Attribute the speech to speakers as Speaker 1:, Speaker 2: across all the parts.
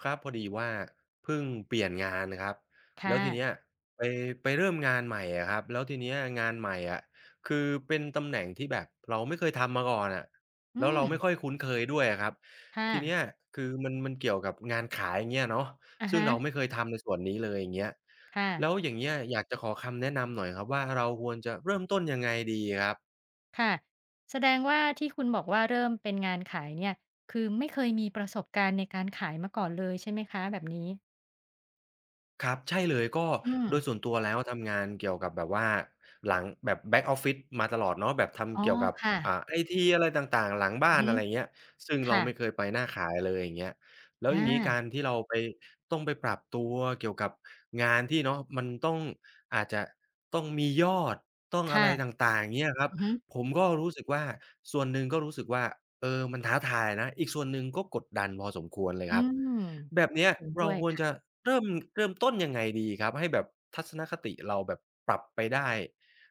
Speaker 1: ครับ พอดีว่าพึ่งเปลี่ยนงานครับ
Speaker 2: ค
Speaker 1: แ
Speaker 2: ่
Speaker 1: ล้วทีเน
Speaker 2: ะ
Speaker 1: ี้ยไป ไปเริ่มงานใหม่อะครับ แล้วทีเนี้ยงานใหม่อะ คือเป็นตำแหน่งที่แบบเราไม่เคยทำมาก่อนอะ
Speaker 2: อื
Speaker 1: แล้วเราไม่
Speaker 2: ม
Speaker 1: ค่อยคุ้นเคยด้วยอะครับ
Speaker 2: ค่
Speaker 1: ทีเนี
Speaker 2: ะ
Speaker 1: ้ยคือมัน มันเกี่ยวกับงานขาย อย่างเงี้ยเนาะ
Speaker 2: อะ
Speaker 1: ซ
Speaker 2: ฮ
Speaker 1: ึ่งเรา
Speaker 2: ะ
Speaker 1: ไม่เคยทำในส่วนนี้เลย อย่างเงี้ย
Speaker 2: ค่
Speaker 1: แ
Speaker 2: ะ
Speaker 1: ล้วอย่างเงี้ยอยากจะขอคำแนะนำหน่อยครับว่า เราควรจะเริ่มต้นยังไงดีครับ?
Speaker 2: ค่ะ แสดงว่า ที่คุณบอกว่าเริ่มเป็นงานขายเนี่ย คือไม่เคยมีประสบการณ์ในการขายมาก่อนเลยใช่ไหมคะ แบบนี้?
Speaker 1: ครับ ใช่เลย ก็
Speaker 2: อื
Speaker 1: โดย
Speaker 2: ม
Speaker 1: ส่วนตัวแล้วทำงานเกี่ยวกับแบบว่าหลัง แบบ back office มาตลอดเนาะ แบบท
Speaker 2: อ๋
Speaker 1: ำ
Speaker 2: อ
Speaker 1: เกี่ยวกับ
Speaker 2: ค่
Speaker 1: อ่า
Speaker 2: ะ
Speaker 1: ไอที อะไรต่าง ๆ หลังบ้
Speaker 2: อ
Speaker 1: า
Speaker 2: ือ
Speaker 1: น
Speaker 2: ฮ
Speaker 1: อ
Speaker 2: ึ
Speaker 1: ะไรอย่างเงี้ย ซึ่ง
Speaker 2: ค
Speaker 1: เร
Speaker 2: ่
Speaker 1: าไม่
Speaker 2: ะ
Speaker 1: เคยไปหน้าขายเลย อย่างเงี้ย แล้ว
Speaker 2: อ
Speaker 1: อย่างงี้ก
Speaker 2: า
Speaker 1: ารที่เราไป ต้องไปปรับตัวเกี่ยวกับงานที่เนาะ มันต้อง อาจจะต้องมียอด ต้อง
Speaker 2: ค
Speaker 1: อะ
Speaker 2: ่ะ
Speaker 1: ไรต่าง ๆ อย่างเงี้ยครับ
Speaker 2: อือฮึ
Speaker 1: ผมก็รู้สึกว่า ส่วนหนึ่งก็รู้สึกว่า เออ มันท้าทายนะ อีกส่วนหนึ่งก็กดดันพอสมควรเลย
Speaker 2: อื
Speaker 1: ครับ
Speaker 2: ม
Speaker 1: แบบเนี้ย
Speaker 2: เห็น
Speaker 1: เ
Speaker 2: ด
Speaker 1: ร
Speaker 2: ้
Speaker 1: า
Speaker 2: วย
Speaker 1: คว
Speaker 2: ค
Speaker 1: ร
Speaker 2: ่ะ
Speaker 1: จะเริ่ม เริ่มต้นยังไงดีครับให้แบบทัศนคติเราแบบปรับไปได้?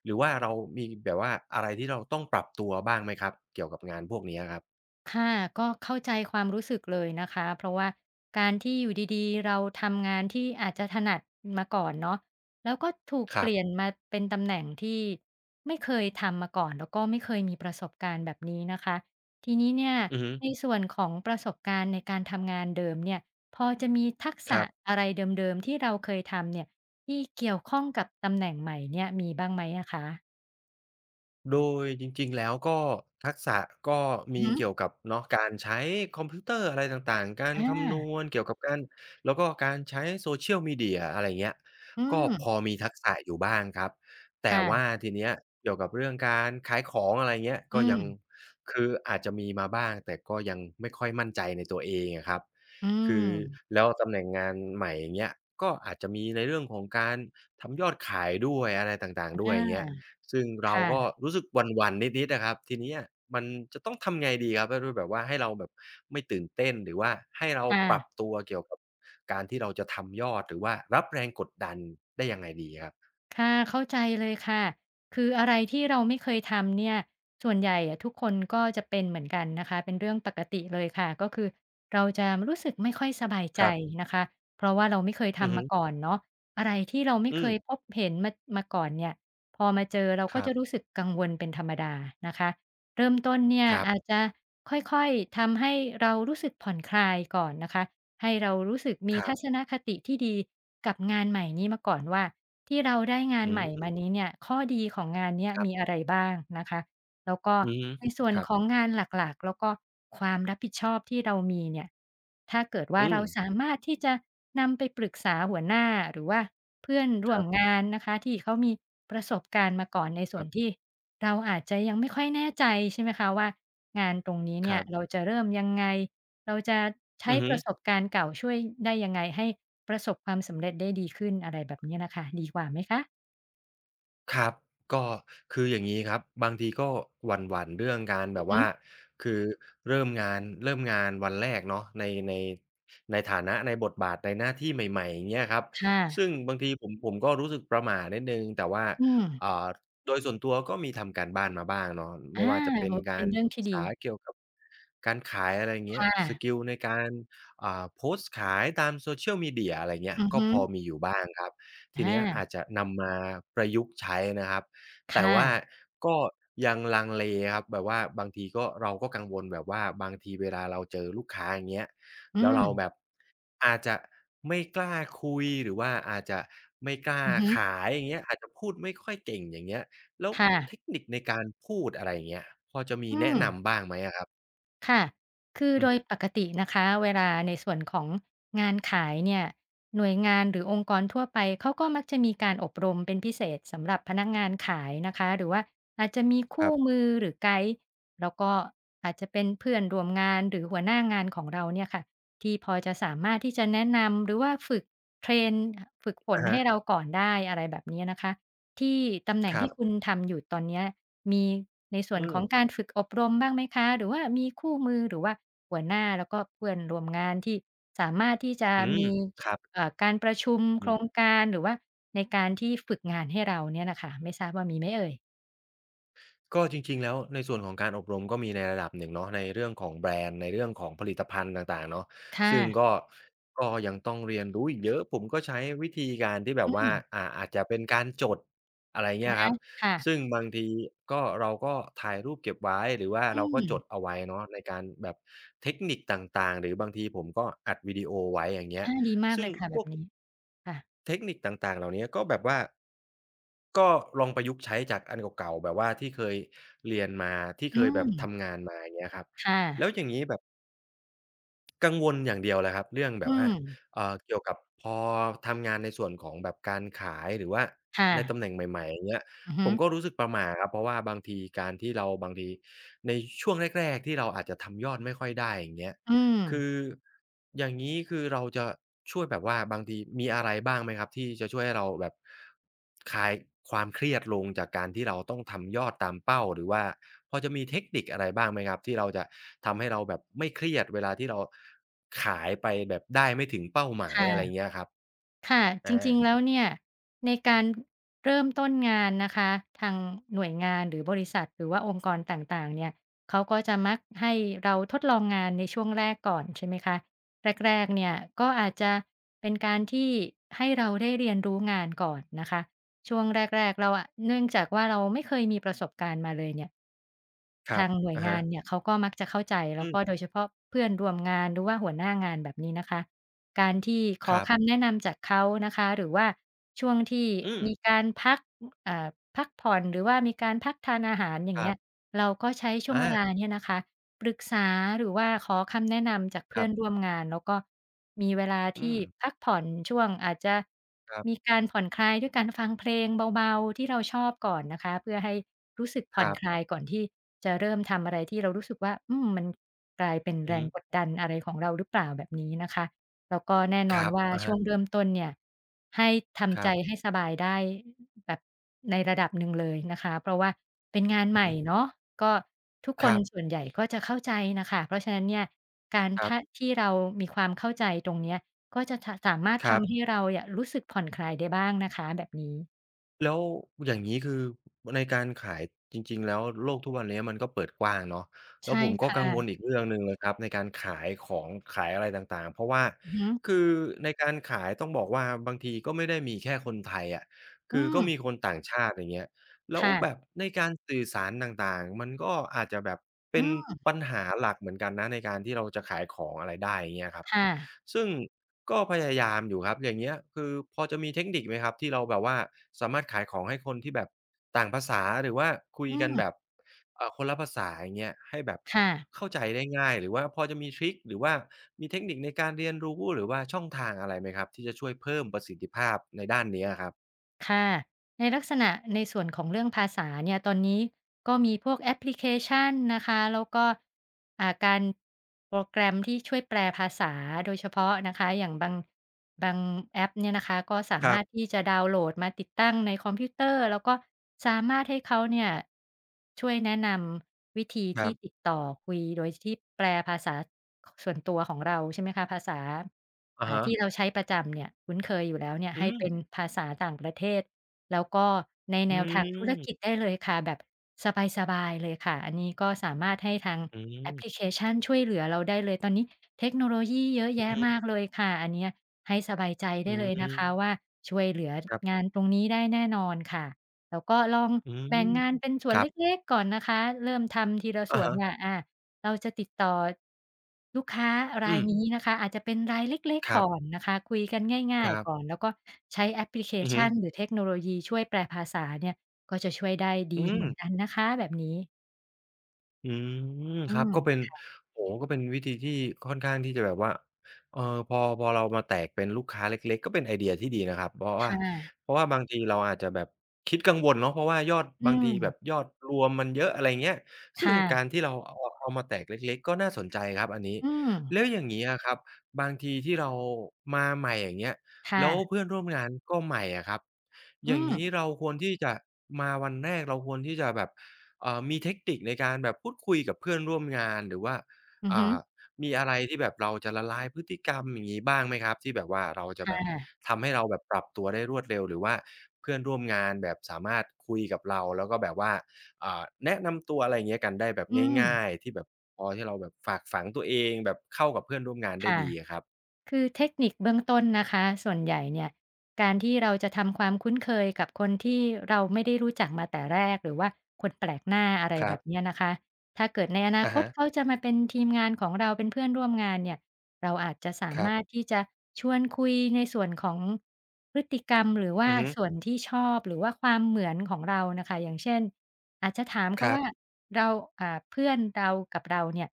Speaker 1: หรือว่าเรามีแบบว่า อะไรที่เราต้องปรับตัว บ้างไหมครับเกี่ยวกับงานพวกนี้อะครับ?
Speaker 2: ค่ะ ก็เข้าใจความรู้สึกเลยนะคะ เพราะว่าการที่อยู่ดี ๆ เราทำงานที่อาจจะถนัดมาก่อนเนาะ แล้วก็ถูก
Speaker 1: ค
Speaker 2: เ
Speaker 1: ร
Speaker 2: ป
Speaker 1: ั
Speaker 2: ล
Speaker 1: บ
Speaker 2: ี่ยนมาเป็นตำแหน่งที่ไม่เคยทำมาก่อน แล้วก็ไม่เคยมีประสบการณ์แบบนี้นะคะ ทีนี้เนี่ย
Speaker 1: อือฮึ
Speaker 2: ในส่วนของประสบการณ์ในการทำงานเดิมเนี่ย พอจะมีทักษ
Speaker 1: คร
Speaker 2: ะ
Speaker 1: ับ
Speaker 2: อะไรเดิม ๆ ที่เราเคยทำเนี่ย ที่เกี่ยวข้องกับตำแหน่งใหม่เนี่ยมีบ้างไหมอะคะ?
Speaker 1: โดยจริง ๆ แล้ว ก็ทักษะ ก็
Speaker 2: อ
Speaker 1: ม
Speaker 2: ือ
Speaker 1: ี
Speaker 2: ฮ
Speaker 1: เ
Speaker 2: ึ
Speaker 1: กี่ยวกับเนาะ การใช้คอมพิวเตอร์อะไรต่างๆ การ
Speaker 2: อ
Speaker 1: คำน
Speaker 2: า
Speaker 1: วณเกี่ยวกับการ แล้วก็การใช้ Social media อะไรอย่างเงี้ย
Speaker 2: อื
Speaker 1: ก็
Speaker 2: ม
Speaker 1: พอมีทักษะอยู่บ้างครับ แ
Speaker 2: ค
Speaker 1: ต่
Speaker 2: ่
Speaker 1: ว่
Speaker 2: ะ
Speaker 1: าทีเนี้ยเกี่ยวกับเรื่องการขายของ อะไรอย่างเงี้ย
Speaker 2: อ
Speaker 1: ก
Speaker 2: ื
Speaker 1: ็ยัง
Speaker 2: ม
Speaker 1: คืออาจจะมีมาบ้าง แต่ก็ยังไม่ค่อยมั่นใจในตัวเองอะครับ
Speaker 2: อื
Speaker 1: คือ
Speaker 2: ม
Speaker 1: แล้วตำแหน่งงานใหม่ อย่างเงี้ย ก็อาจจะมีในเรื่องของการทำยอดขายด้วย อะไรต่าง ๆ ด
Speaker 2: อ
Speaker 1: ้
Speaker 2: า
Speaker 1: วย อย่างเงี้ย ซึ่งเร
Speaker 2: ค
Speaker 1: า
Speaker 2: ่
Speaker 1: ก็
Speaker 2: ะ
Speaker 1: รู้สึกหวั่น ๆ นิด ๆ นะครับ ทีเนี้ยมันจะต้องทำยังไงดีครับ ให้ดูแบบว่าให้เราแบบไม่ตื่นเต้น หรือว่าให้เรา
Speaker 2: ค่
Speaker 1: ปรั
Speaker 2: ะ
Speaker 1: บตัวเกี่ยวกับการที่เราจะทำยอด หรือว่ารับแรงกดดันได้ยังไงดีครับ?
Speaker 2: ค่ะ เข้าใจเลยค่ะ คืออะไรที่เราไม่เคยทำเนี่ย ส่วนใหญ่อะทุกคนก็จะเป็นเหมือนกันนะคะ เป็นเรื่องปกติเลยค่ะ ก็คือเราจะรู้สึกไม่ค่อยสบายใจ
Speaker 1: ครับ
Speaker 2: นะคะ เพราะว่าเราไม่เคยท
Speaker 1: อือฮ
Speaker 2: ำมา
Speaker 1: ึ
Speaker 2: ก่อนเนาะ อะไรที่เราไม่
Speaker 1: อ
Speaker 2: เค
Speaker 1: ืม
Speaker 2: ยพบเห็นมา มาก่อนเนี่ย พอมาเจอเรา
Speaker 1: ค
Speaker 2: ก็
Speaker 1: รั
Speaker 2: จะ
Speaker 1: บ
Speaker 2: รู้สึกกังวลเป็นธรรมดานะคะ เริ่มต้นเนี่ย
Speaker 1: ครั
Speaker 2: อ
Speaker 1: บ
Speaker 2: าจจะค่อย ๆ ทำให้เรารู้สึกผ่อนคลายก่อนนะคะ ให้เรารู้สึกมี
Speaker 1: ครั
Speaker 2: ทั
Speaker 1: บ
Speaker 2: ศนคติที่ดีกับงานใหม่นี้มาก่อนว่า ที่เราได้งา
Speaker 1: อ
Speaker 2: น
Speaker 1: ื
Speaker 2: ใหม่ม
Speaker 1: ม
Speaker 2: านี้เนี่ย ข้อดีของงานเนี้ย
Speaker 1: ครับ
Speaker 2: มีอะไรบ้างนะคะ แล้วก็
Speaker 1: อือฮึ
Speaker 2: ในส่วน
Speaker 1: ครับ
Speaker 2: ของงานหลัก ๆ แล้วก็ความรับผิดชอบที่เรามีเนี่ย ถ้าเกิดว
Speaker 1: อ
Speaker 2: ่
Speaker 1: ื
Speaker 2: า เรา
Speaker 1: ม
Speaker 2: สามารถที่จะนำไปปรึกษาหัวหน้าหรือว่าเพื่อนร
Speaker 1: ค
Speaker 2: ่ว
Speaker 1: รั
Speaker 2: ม
Speaker 1: บ
Speaker 2: งาน นะคะ ที่เขามีประสบการณ์มาก่อน ในส่
Speaker 1: ค
Speaker 2: ว
Speaker 1: ร
Speaker 2: น
Speaker 1: ับ
Speaker 2: ที่เราอาจจะยังไม่ค่อยแน่ใจใช่ไหมคะว่า งานตรงนี้เน
Speaker 1: ค
Speaker 2: ี่
Speaker 1: รั
Speaker 2: ย
Speaker 1: บ
Speaker 2: เราจะเริ่มยังไง เราจะใช
Speaker 1: อื
Speaker 2: ้
Speaker 1: อฮ
Speaker 2: ป
Speaker 1: ึ
Speaker 2: ระสบการณ์เก่าช่วยได้ยังไงให้ประสบความสำเร็จได้ดีขึ้นอะไรแบบนี้ล่ะค่ะ ดีกว่าไหมคะ?
Speaker 1: ครับ ก็คืออย่างงี้ครับ บางทีก็หวั่น ๆ เรื่องการ
Speaker 2: อ
Speaker 1: แ
Speaker 2: ื
Speaker 1: บ
Speaker 2: อ
Speaker 1: บ
Speaker 2: ฮ
Speaker 1: ว่
Speaker 2: ึ
Speaker 1: า คือเริ่มงาน เริ่มงานวันแรกเนาะ ใน ใน ในฐานะ ในบทบาท ในหน้าที่ใหม่ ๆ อย่างเงี้ยครับ
Speaker 2: ค่
Speaker 1: ซ
Speaker 2: ะ
Speaker 1: ึ่งบางทีผม ผมก็รู้สึกประหม่านิดหนึ่ง แต่ว่า
Speaker 2: อืม
Speaker 1: อ่า โดยส่วนตัวก็มีทำการบ้านมาบ้างเนาะ
Speaker 2: อ
Speaker 1: ไม
Speaker 2: า
Speaker 1: ่ว่าจะเป็
Speaker 2: โอ
Speaker 1: น
Speaker 2: ้โฮ
Speaker 1: ก
Speaker 2: เป
Speaker 1: า
Speaker 2: ็น
Speaker 1: ร
Speaker 2: เรื่อง
Speaker 1: ศ
Speaker 2: ท
Speaker 1: ึ
Speaker 2: ี่
Speaker 1: ก
Speaker 2: ด
Speaker 1: ษา
Speaker 2: ี
Speaker 1: เกี่ยวกับการขาย อะไรอย่างเ
Speaker 2: ค
Speaker 1: งี้
Speaker 2: ่
Speaker 1: ย ส
Speaker 2: ะ
Speaker 1: กิลในการ อ่า โพสต์ขายตาม Social Media อะไรเงี้
Speaker 2: อ
Speaker 1: ย
Speaker 2: ือ
Speaker 1: ก
Speaker 2: ฮ
Speaker 1: ็
Speaker 2: ึ
Speaker 1: พอมีอยู่บ้างครับ ท
Speaker 2: อ
Speaker 1: ีเนี้ยอ
Speaker 2: า
Speaker 1: าจจะนำมาประยุกต์ใช้นะครับ
Speaker 2: ค
Speaker 1: แต่
Speaker 2: ่
Speaker 1: ว่า
Speaker 2: ะ
Speaker 1: ก็ยังลังเลครับ แบบว่าบางทีก็ เราก็กังวลแบบว่า บางทีเวลาเราเจอลูกค้า อย่างเงี้ย
Speaker 2: อื
Speaker 1: แล้วเรา
Speaker 2: ม
Speaker 1: แบบอาจจะไม่กล้าคุย หรือว่าอาจจะไม่กล้า
Speaker 2: อือฮึ
Speaker 1: ขาย อย่างเงี้ย อาจจะพูดไม่ค่อยเก่ง อย่างเงี้ย แล้ว
Speaker 2: ค่
Speaker 1: เ
Speaker 2: ะ
Speaker 1: ทคนิคในการพูด อะไรอย่างเงี้ย พอจะมี
Speaker 2: อื
Speaker 1: แนะน
Speaker 2: ม
Speaker 1: ำบ้างไหมอะครับ?
Speaker 2: ค่ะ คือ
Speaker 1: อื
Speaker 2: โด
Speaker 1: อฮ
Speaker 2: ย
Speaker 1: ึ
Speaker 2: ปกตินะคะเวลาในส่วนของงานขายเนี่ย หน่วยงานหรือองค์กรทั่วไปเขาก็มักจะมีการอบรมเป็นพิเศษสำหรับพนักงานขายนะคะ หรือว่าอาจจะมีค
Speaker 1: ค
Speaker 2: ู
Speaker 1: ร
Speaker 2: ่
Speaker 1: ับ
Speaker 2: มือหรือไกด์ แล้วก็อาจจะเป็นเพื่อนร่วมงานหรือหัวหน้างานของเราเนี่ยค่ะ ที่พอจะสามารถที่จะแนะนำ หรือว่าฝึก เทรน อ ฝึกฝ
Speaker 1: อ
Speaker 2: น
Speaker 1: ะฮ
Speaker 2: ให้
Speaker 1: ะ
Speaker 2: เราก่อนได้ อะไรแบบเนี้ยนะคะ ที่ตำแหน่
Speaker 1: ค
Speaker 2: ง
Speaker 1: ร
Speaker 2: ที
Speaker 1: ั
Speaker 2: ่
Speaker 1: บ
Speaker 2: คุณทำอยู่ตอนเนี้ย มีในส่
Speaker 1: อื
Speaker 2: วนของ
Speaker 1: ม
Speaker 2: การฝึกอบรมบ้างไหมคะ? หรือว่ามีคู่มือ หรือว่าหัวหน้าแล้วก็เพื่อนร่วมงานที่สามารถที่จะ
Speaker 1: อื
Speaker 2: ม
Speaker 1: ม
Speaker 2: ี
Speaker 1: ครับ
Speaker 2: เอ่อ การประชุม
Speaker 1: อ
Speaker 2: โ
Speaker 1: ื
Speaker 2: คร
Speaker 1: ม
Speaker 2: งการ หรือว่าในการที่ฝึกงานให้เราเนี่ยน่ะค่ะ ไม่ทราบว่ามีไหมเอ่ย?
Speaker 1: ก็จริง ๆ แล้วในส่วนของการอบรม ก็มีในระดับหนึ่งเนาะ ในเรื่องของแบรนด์ ในเรื่องของผลิตภัณฑ์ต่าง ๆ เนาะ
Speaker 2: ค่
Speaker 1: ซึ่ง
Speaker 2: ะ
Speaker 1: ก็ ก็ยังต้องเรียนรู้อีกเยอะ ผมก็ใช้วิธีการที่แบ
Speaker 2: อื
Speaker 1: บว่า
Speaker 2: ม
Speaker 1: อ่า อาจจะเป็นการจด อะไรอย่างเ
Speaker 2: อ
Speaker 1: งี้
Speaker 2: ะ
Speaker 1: ย
Speaker 2: ฮะ
Speaker 1: ครับ
Speaker 2: ค่ะ
Speaker 1: ซึ่งบางทีก็ เราก็ถ่ายรูปเก็บไว้ หรือว่า
Speaker 2: อื
Speaker 1: เราก็จ
Speaker 2: ม
Speaker 1: ดเอาไว้เนาะในการแบบเทคนิคต่าง ๆ หรือบางทีผมก็อัดวิดีโอไว้อย่างเงี้
Speaker 2: อ
Speaker 1: ย
Speaker 2: า ดีมาก
Speaker 1: ซึ
Speaker 2: เ
Speaker 1: ่
Speaker 2: ล
Speaker 1: ง
Speaker 2: ยค่ะแ
Speaker 1: พ
Speaker 2: บ
Speaker 1: ว
Speaker 2: บ
Speaker 1: ก
Speaker 2: นี้ ค่ะ
Speaker 1: เทคนิคต่าง ๆ เหล่านี้ก็แบบว่า ก็ลองประยุกต์ใช้จากอันเก่า ๆ แบบว่าที่เคยเรียนมา ที่
Speaker 2: อ
Speaker 1: เ
Speaker 2: ื
Speaker 1: คยแบบท
Speaker 2: ม
Speaker 1: ำงานมา อย่างเงี้ยครับ
Speaker 2: ค่
Speaker 1: แล
Speaker 2: ะ
Speaker 1: ้วอย่างนี้แบบ กังวลอย่างเดียวเลยครับ เรื่องแบ
Speaker 2: อื
Speaker 1: บว่า
Speaker 2: ม
Speaker 1: เอ่อ เกี่ยวกับพอทำงานในส่วนของแบบการขาย หรือว่า
Speaker 2: ค่
Speaker 1: ในต
Speaker 2: ะ
Speaker 1: ำแหน่งใหม่ ๆ อย่างเงี้ย
Speaker 2: อือฮ
Speaker 1: ผ
Speaker 2: ึ
Speaker 1: มก็รู้สึกประหม่าครับ เพราะว่าบางทีการที่เรา บางทีในช่วงแรก ๆ ที่เราอาจจะทำยอดไม่ค่อยได้ อย่างเงี้ย
Speaker 2: อื
Speaker 1: คื
Speaker 2: ม
Speaker 1: อ อย่างนี้คือเราจะช่วยแบบว่า บางที มีอะไรบ้างไหมครับ ที่จะช่วยให้เราแบบคลายความเครียดลงจากการที่เราต้องทำยอดตามเป้า หรือว่าพอจะมีเทคนิคอะไรบ้างไหมครับ ที่เราจะทำให้เราแบบไม่เครียดเวลาที่เราขายไปแบบได้ไม่ถึงเป้าหมา
Speaker 2: ค
Speaker 1: ย
Speaker 2: ่ะ
Speaker 1: อะไรอย่างเงี้ยครับ?
Speaker 2: ค่ะ
Speaker 1: อ
Speaker 2: จริ
Speaker 1: า
Speaker 2: ง ๆ แล้ว เนี่ยในการ เริ่มต้นงานนะคะ ทางหน่วยงาน หรือบริษัท หรือว่าองค์กรต่าง ๆ เนี่ย เขาก็จะมักให้เราทดลองงานในช่วงแรกก่อน ใช่ไหมคะ แรก ๆ เนี่ย ก็อาจจะเป็นการที่ให้เราได้เรียนรู้งานก่อนนะคะ ช่วงแรก ๆ เราอะ เนื่องจากว่าเราไม่เคยมีประสบการณ์มาเลยเนี่ย
Speaker 1: คร
Speaker 2: ท
Speaker 1: ั
Speaker 2: า
Speaker 1: บ
Speaker 2: ง หน่ว
Speaker 1: อ
Speaker 2: ย
Speaker 1: ะ
Speaker 2: ง
Speaker 1: ฮ
Speaker 2: าน
Speaker 1: ะ
Speaker 2: เนี่ย เขาก็มักจะเข้าใจ แล
Speaker 1: อ
Speaker 2: ้
Speaker 1: ื
Speaker 2: วก็
Speaker 1: ม
Speaker 2: โดยเฉพาะเพื่อน ร่วมงาน หรือว่าหัวหน้างานแบบนี้ นะคะ การที่ข
Speaker 1: ค
Speaker 2: อ
Speaker 1: รั
Speaker 2: ค
Speaker 1: บ
Speaker 2: ำแนะนำจากเขานะคะ หรือว่าช่วงที่
Speaker 1: อืม
Speaker 2: มี การพัก อ่า พักผ่อน หรือว่ามีการพักทานอาหาร อย่า
Speaker 1: ค
Speaker 2: ง
Speaker 1: ร
Speaker 2: เง
Speaker 1: ั
Speaker 2: ี้
Speaker 1: บ
Speaker 2: ย เราก็ใช้ช่ว
Speaker 1: อ
Speaker 2: ง เวลา
Speaker 1: า
Speaker 2: นี้นะคะ ปรึกษา หรือว่าขอคำแนะนำจากเพ
Speaker 1: ค
Speaker 2: ื่
Speaker 1: ร
Speaker 2: อ
Speaker 1: ั
Speaker 2: น
Speaker 1: บ
Speaker 2: ร่วมงาน แล้วก็มีเวลา
Speaker 1: อื
Speaker 2: ที่
Speaker 1: ม
Speaker 2: พักผ่อนช่วง อาจจะ
Speaker 1: ครับ
Speaker 2: มีการผ่อนคลายด้วยการ ฟังเพลงเบา ๆ ที่เราชอบก่อนนะคะ เพื่อให้รู้สึกผ
Speaker 1: ค
Speaker 2: ่
Speaker 1: ร
Speaker 2: อน
Speaker 1: ับ
Speaker 2: คลายก่อนที่จะเริ่มทำอะไรที่เรารู้สึกว่า อืม มันกลายเป็น
Speaker 1: อ
Speaker 2: แ
Speaker 1: ื
Speaker 2: ร
Speaker 1: อฮึ
Speaker 2: งกดดันอะไรของเราหรือเปล่าแบบนี้นะคะ แล้วก็แน่
Speaker 1: ค
Speaker 2: นอ
Speaker 1: ร
Speaker 2: น
Speaker 1: ับ
Speaker 2: ว่า
Speaker 1: อะ
Speaker 2: ช
Speaker 1: ฮ
Speaker 2: ่
Speaker 1: ะ
Speaker 2: วงเริ่มต้นเนี่ย ให้ท
Speaker 1: ค
Speaker 2: ำ
Speaker 1: ร
Speaker 2: ใจ
Speaker 1: ับ
Speaker 2: ให้สบายได้แบบในระดับหนึ่งเลยนะคะ เพราะว่าเป็นงาน ใ
Speaker 1: อื
Speaker 2: ห
Speaker 1: อ
Speaker 2: ม
Speaker 1: ฮ
Speaker 2: ่
Speaker 1: ึ
Speaker 2: เนาะ ก็ทุก
Speaker 1: ค
Speaker 2: ค
Speaker 1: ร
Speaker 2: น
Speaker 1: ั
Speaker 2: ส่ว
Speaker 1: บ
Speaker 2: นใหญ่ ก็จะเข้าใจน่ะค่ะ เพราะฉะนั้นเนี่ยการ
Speaker 1: คร
Speaker 2: ถ
Speaker 1: ับ
Speaker 2: ้า ที่เรามีความเข้าใจตรงนี้ ก็จะ ท สามารถ
Speaker 1: ค
Speaker 2: ท
Speaker 1: รับ
Speaker 2: ำให้เราเนี่ยรู้สึกผ่อนคลายได้บ้างนะคะแบบนี้
Speaker 1: แล้วอย่างงี้ คือในการขายจริง ๆ แล้วโลกทุกวันเนี้ยมันก็เปิดกว้างเนาะ แ
Speaker 2: ใ
Speaker 1: ล
Speaker 2: ช
Speaker 1: ้ว
Speaker 2: ่
Speaker 1: ผมก
Speaker 2: ค
Speaker 1: ็
Speaker 2: ่
Speaker 1: กังว
Speaker 2: ะ
Speaker 1: ลอีกเรื่องหนึ่งเลยครับในการขายของ ขายอะไรต่าง ๆ เพราะว่า
Speaker 2: อือฮึ
Speaker 1: คือในการขายต้องบอกว่าบางทีก็ไม่ได้มีแค่คนไทยอะ ค
Speaker 2: อื
Speaker 1: ือก็ม
Speaker 2: ม
Speaker 1: ีคนต่างชาติ อย่างเงี้ย แล้
Speaker 2: ค
Speaker 1: ว
Speaker 2: ่ะ
Speaker 1: แบบในการสื่อสารต่าง ๆ มันก็อาจจะแบบเป
Speaker 2: อื
Speaker 1: ็น
Speaker 2: ม
Speaker 1: ปัญหาหลักเหมือนกันนะในการที่เราจะขายของอะไรได้ อย่างเงี้ยครับ
Speaker 2: ค่ะ
Speaker 1: ซึ่งก็พยายามอยู่ครับ อย่างเงี้ย คือพอจะมีเทคนิคไหมครับ? ที่เราแบบว่าสามารถขายของให้คนที่แบบต่างภาษา หรือว่าคุ
Speaker 2: อ
Speaker 1: ย
Speaker 2: ื
Speaker 1: กันแ
Speaker 2: ม
Speaker 1: บบ เอ่อ คนละภาษา อย่างเงี้ย ให้แบบ
Speaker 2: ค่ะ
Speaker 1: เข้าใจได้ง่าย หรือว่าพอจะมีทริก หรือว่ามีเทคนิคในการเรียนรู้ หรือว่าช่องทางอะไรไหมครับ ที่จะช่วยเพิ่มประสิทธิภาพในด้านเนี้ยอะครับ?
Speaker 2: ค่ะ ในลักษณะ ในส่วนของเรื่องภาษาเนี่ย ตอนนี้ก็มีพวกแอปพลิเคชันนะคะ แล้วก็ อ่า การ โปรแกรมที่ช่วยแปลภาษาโดยเฉพาะนะคะ อย่างบาง บางแอปเนี่ยนะคะ ก็สา
Speaker 1: ค
Speaker 2: ม
Speaker 1: รั
Speaker 2: าร
Speaker 1: บ
Speaker 2: ถที่จะดาวน์โหลดมาติดตั้งในคอมพิวเตอร์ แล้วก็สามารถให้เขาเนี่ยช่วยแนะนำวิธี
Speaker 1: ค
Speaker 2: ท
Speaker 1: รั
Speaker 2: ี่
Speaker 1: บ
Speaker 2: ติดต่อคุยโดยที่แปลภาษา ข ส่วนตัวของเรา ใช่ไหมคะ ภาษา
Speaker 1: อ
Speaker 2: อ
Speaker 1: ะ
Speaker 2: ่
Speaker 1: ฮ
Speaker 2: า ที
Speaker 1: ะ
Speaker 2: ่เราใช้ประจำเนี่ย คุ้นเคยอยู่แล้วเนี่ย
Speaker 1: อื
Speaker 2: ให้เ
Speaker 1: ม
Speaker 2: ป็นภาษาต่างประเทศ แล้วก็ใน
Speaker 1: อ
Speaker 2: แ
Speaker 1: ื
Speaker 2: นวทางธุร
Speaker 1: ม
Speaker 2: กิจได้เลยค่ะ แบบสบาย ๆ เลยค่ะ อันนี้ก็สามารถให้ทาง
Speaker 1: อื
Speaker 2: แอปพ
Speaker 1: ม
Speaker 2: ลิเคชันช่วยเหลือเราได้เลย ตอนนี้เทคโนโลยีเยอะ
Speaker 1: อ
Speaker 2: แ
Speaker 1: ื
Speaker 2: ย
Speaker 1: อ
Speaker 2: ะ
Speaker 1: ฮึ
Speaker 2: มากเลยค่ะ อันเนี้ยให้สบายใจไ
Speaker 1: อ
Speaker 2: ด
Speaker 1: ื
Speaker 2: ้เลยนะคะ
Speaker 1: ม
Speaker 2: ว่าช่วยเหลือ
Speaker 1: ครับ
Speaker 2: งานตรงนี้ได้แน่นอนค่ะ แล้วก็ลอง
Speaker 1: อื
Speaker 2: แบ
Speaker 1: ม
Speaker 2: ่งงานเป็นส่
Speaker 1: ค
Speaker 2: วน
Speaker 1: รั
Speaker 2: เ
Speaker 1: บ
Speaker 2: ล็ก ๆ ก่อนนะคะ เริ่มทำทีละส
Speaker 1: อะ
Speaker 2: ่ว
Speaker 1: ฮ
Speaker 2: นเ
Speaker 1: ะ
Speaker 2: นี่ย อ่า เราจะติดต่อ ลูกค้าร
Speaker 1: อ
Speaker 2: า
Speaker 1: ื
Speaker 2: ย
Speaker 1: ม
Speaker 2: นี้นะคะ อาจจะเป็นรายเล็ก
Speaker 1: คร
Speaker 2: ๆ ก
Speaker 1: ับ
Speaker 2: ่อนนะคะ คุยกันง่
Speaker 1: ค
Speaker 2: าย
Speaker 1: รับ
Speaker 2: ๆ ก่อน แล้วก็ใช้แอปพลิเค
Speaker 1: อือ
Speaker 2: ช
Speaker 1: ฮึ
Speaker 2: ันหรือเทคโนโลยีช่วยแปลภาษาเนี่ยก็จะช่วยได้ด
Speaker 1: อื
Speaker 2: ีเหมือ
Speaker 1: ม
Speaker 2: นกันนะคะแบบนี้
Speaker 1: อืม
Speaker 2: อื
Speaker 1: ครับ
Speaker 2: ม
Speaker 1: ก็เป็น
Speaker 2: ค่ะ
Speaker 1: โอ้โฮ ก็เป็นวิธีที่ค่อนข้างที่จะแบบว่า เอ่อ พอ พอเรามาแตกเป็นลูกค้าเล็ก ๆ ก็เป็นไอเดียที่ดีนะครับ บอ
Speaker 2: ค
Speaker 1: ว่า
Speaker 2: ่ะ
Speaker 1: เพราะว่าบางทีเราอาจจะแบบคิดกังวลเนาะ เพราะว่ายอด
Speaker 2: อื
Speaker 1: บางทีแบ
Speaker 2: ม
Speaker 1: บยอดรวมมันเยอะ อะไรเงี้ย ซ
Speaker 2: ค
Speaker 1: ึ่
Speaker 2: ่
Speaker 1: งกา
Speaker 2: ะ
Speaker 1: รที่เราเอา เอามาแตกเล็ก ๆ ก็น่าสนใจครับอันนี้
Speaker 2: อืม
Speaker 1: แล้วอย่างงี้อะครับ บางทีที่เรามาใหม่ อย่างเงี้ย
Speaker 2: ค่
Speaker 1: แล้ว
Speaker 2: ะ
Speaker 1: เพื่อนร่วมงานก็ใหม่อะครับ
Speaker 2: อ
Speaker 1: อ
Speaker 2: ื
Speaker 1: ย่างงี้
Speaker 2: ม
Speaker 1: เราควรที่จะ มาวันแรกเราควรที่จะแบบ เอ่อ มีเทคนิคในการแบบพูดคุยกับเพื่อนร่วมงาน หรือว่า
Speaker 2: อือ
Speaker 1: อ่
Speaker 2: ฮึ
Speaker 1: า มีอะไรที่แบบเราจะละลายพฤติกรรม อย่างงี้ บ้างไหมครับ? ที่แบบว่าเราจ
Speaker 2: ค
Speaker 1: ะ
Speaker 2: ่
Speaker 1: แบบ
Speaker 2: ะ
Speaker 1: ทำให้เราแบบปรับตัวได้รวดเร็ว หรือว่าเพื่อนร่วมงานแบบสามารถคุยกับเรา แล้วก็แบบว่า อ่า แนะนำตัว อะไรเงี้ย กันได้แบบ
Speaker 2: อื
Speaker 1: ง
Speaker 2: ม
Speaker 1: ่าย ๆ ที่แบบพอที่เราแบบฝากฝังตัวเอง แบบเข้ากับเพื่อนร่วมงานไ
Speaker 2: ค
Speaker 1: ด้
Speaker 2: ่ะ
Speaker 1: ดีอะครับ
Speaker 2: คือเทคนิคเบื้องต้นนะคะ ส่วนใหญ่เนี่ยการที่เราจะทำความคุ้นเคยกับคนที่เราไม่ได้รู้จักมาแต่แรกหรือว่าคนแปลกหน้า อะไร
Speaker 1: คร
Speaker 2: แ
Speaker 1: ั
Speaker 2: บ
Speaker 1: บ
Speaker 2: บเนี้ยนะคะ ถ้าเกิดในอนา
Speaker 1: อะ
Speaker 2: ค
Speaker 1: ฮ
Speaker 2: ต
Speaker 1: ะ
Speaker 2: เขาจะมาเป็นทีมงานของเรา เป็นเพื่อนร่วมงานเนี่ย เราอาจจะสา
Speaker 1: คร
Speaker 2: ม
Speaker 1: ับ
Speaker 2: ารถที่จะชวนคุยในส่วนของพฤติกรรม หรือว่
Speaker 1: อ
Speaker 2: า
Speaker 1: ือฮึ
Speaker 2: ส่วนที่ชอบ หรือว่าความเหมือนของเราน่ะค่ะ อย่างเช่น อาจจะถามเข
Speaker 1: ค
Speaker 2: า
Speaker 1: รั
Speaker 2: ว่
Speaker 1: บ
Speaker 2: า เรา อ่า เพื่อนเรากับเราเนี่ย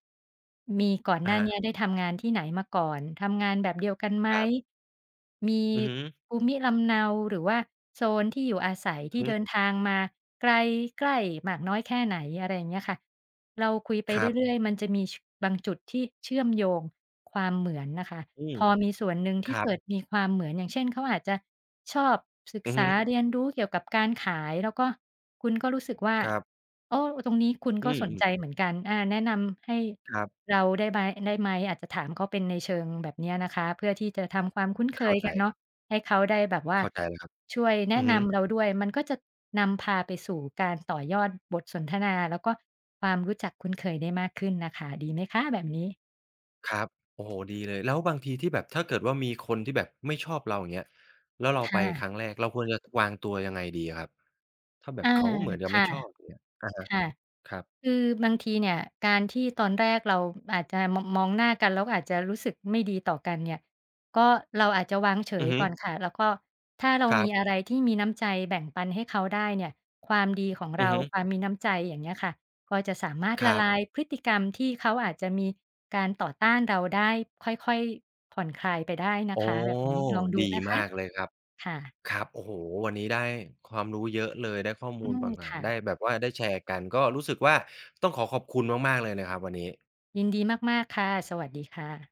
Speaker 2: มีก่อน
Speaker 1: อ
Speaker 2: ห
Speaker 1: ะ
Speaker 2: น้า
Speaker 1: ฮะ
Speaker 2: เนี้ยได้ทำงานที่ไหนมาก่อน? ทำงานแบบเดียวกันไหม?
Speaker 1: ครับ
Speaker 2: มี
Speaker 1: อือฮึ
Speaker 2: ภูมิลำเนา หรือว่าโซนที่อยู่อาศัยที
Speaker 1: อ
Speaker 2: ่
Speaker 1: ือฮึ
Speaker 2: เดินทางมาไกลใกล้มากน้อยแค่ไหน? อะไรอย่างเงี้ยค่ะ เราคุยไป
Speaker 1: ครับ
Speaker 2: เรื่อย ๆ มันจะมี ช บางจุดที่เชื่อมโยง ความเหมือนน่ะค่ะ
Speaker 1: อืม
Speaker 2: พอมีส่วนหนึ่ง
Speaker 1: ค
Speaker 2: ที่
Speaker 1: รั
Speaker 2: เก
Speaker 1: บ
Speaker 2: ิดมีความเหมือน อย่างเช่น เขาอาจจะชอบศึก
Speaker 1: อือ
Speaker 2: ษ
Speaker 1: ฮึ
Speaker 2: าเรียนรู้เกี่ยวกับการขาย แล้วก็คุณก็รู้สึกว่า
Speaker 1: ครับ
Speaker 2: โอ้ ตรงนี้คุณ
Speaker 1: อื
Speaker 2: ก็สน
Speaker 1: ม ๆ
Speaker 2: ใจเหมือนกัน อา "แนะนำให้
Speaker 1: ครับ
Speaker 2: เราได้ไบ ได้ไหม?" อาจจะถามเขาเป็นในเชิงแบบเนี้ยนะคะ เพื่อที่จะทำความคุ้นเ
Speaker 1: เ
Speaker 2: ค
Speaker 1: ข้า
Speaker 2: ย
Speaker 1: ใ
Speaker 2: กัน เน
Speaker 1: จ
Speaker 2: าะ ให้เขาได้แบบว่า
Speaker 1: เข้าใจแล้วครับ
Speaker 2: ช่วยแน
Speaker 1: อื
Speaker 2: ะ
Speaker 1: อฮ
Speaker 2: น
Speaker 1: ึ
Speaker 2: ำเราด้วย มันก็จะนำพาไปสู่การต่อยอดบทสนทนา แล้วก็ความรู้จักคุ้นเคยได้มากขึ้นน่ะค่ะ ดีไหมคะแบบนี้?
Speaker 1: ครับ โอ้โฮ ดีเลย แล้วบางทีที่แบบ ถ้าเกิดว่า มีคนที่แบบไม่ชอบเรา อย่างเงี้ย แล้วเรา
Speaker 2: ค
Speaker 1: ไป
Speaker 2: ่ะ
Speaker 1: ครั้งแรก เราควรจะวางตัวยังไงดีอะครับ? ถ้าแบ
Speaker 2: อ
Speaker 1: บ
Speaker 2: า
Speaker 1: เขาเหมือนจะ
Speaker 2: ค
Speaker 1: ไม่
Speaker 2: ่ะ
Speaker 1: ชอบ อย่างเงี้ย อะฮะ
Speaker 2: ค่ะ
Speaker 1: ครับ
Speaker 2: คือบางทีเนี่ยการที่ตอนแรกเราอาจจะ ม มองหน้ากัน แล้วก็อาจจะรู้สึกไม่ดีต่อกันเนี่ย ก็เราอาจจะวางเฉ
Speaker 1: อื
Speaker 2: ย
Speaker 1: อฮึ
Speaker 2: ก่อนค่ะ แล้วก็ถ้าเรา
Speaker 1: ครั
Speaker 2: มี
Speaker 1: บ
Speaker 2: อะไรที่มีน้ำใจแบ่งปันให้เขาได้เนี่ย ความดีของเ
Speaker 1: อื
Speaker 2: ร
Speaker 1: อ
Speaker 2: า
Speaker 1: ฮึ
Speaker 2: ความมีน้ำใจ อย่างเงี้ยค่ะ ก็จะสามารถ
Speaker 1: ค
Speaker 2: ล
Speaker 1: ร
Speaker 2: ะ
Speaker 1: ั
Speaker 2: ล
Speaker 1: บ
Speaker 2: ายพฤติกรรมที่เขาอาจจะมีการต่อต้านเราได้ ค่อย ๆ ผ่อนคลายไปได้นะ
Speaker 1: อ๋อ
Speaker 2: คะ แบบนี้ ลองด
Speaker 1: ด
Speaker 2: ู
Speaker 1: ี
Speaker 2: นะค
Speaker 1: มา
Speaker 2: ะ
Speaker 1: กเลยครับ
Speaker 2: ค่ะ
Speaker 1: ครับ โอ้โฮ! วันนี้ได้ความรู้เยอะเลย ได้ข้อม
Speaker 2: อื
Speaker 1: ูลป
Speaker 2: ม
Speaker 1: ่างต่า
Speaker 2: ค
Speaker 1: ง
Speaker 2: ่
Speaker 1: ได
Speaker 2: ะ
Speaker 1: ้แบบว่า ได้แชร์กัน ก็รู้สึกว่าต้องขอขอบคุณมาก ๆ เลยนะครับวันนี้
Speaker 2: ยินดีมาก ๆ ค่ะ สวัสดีค่ะ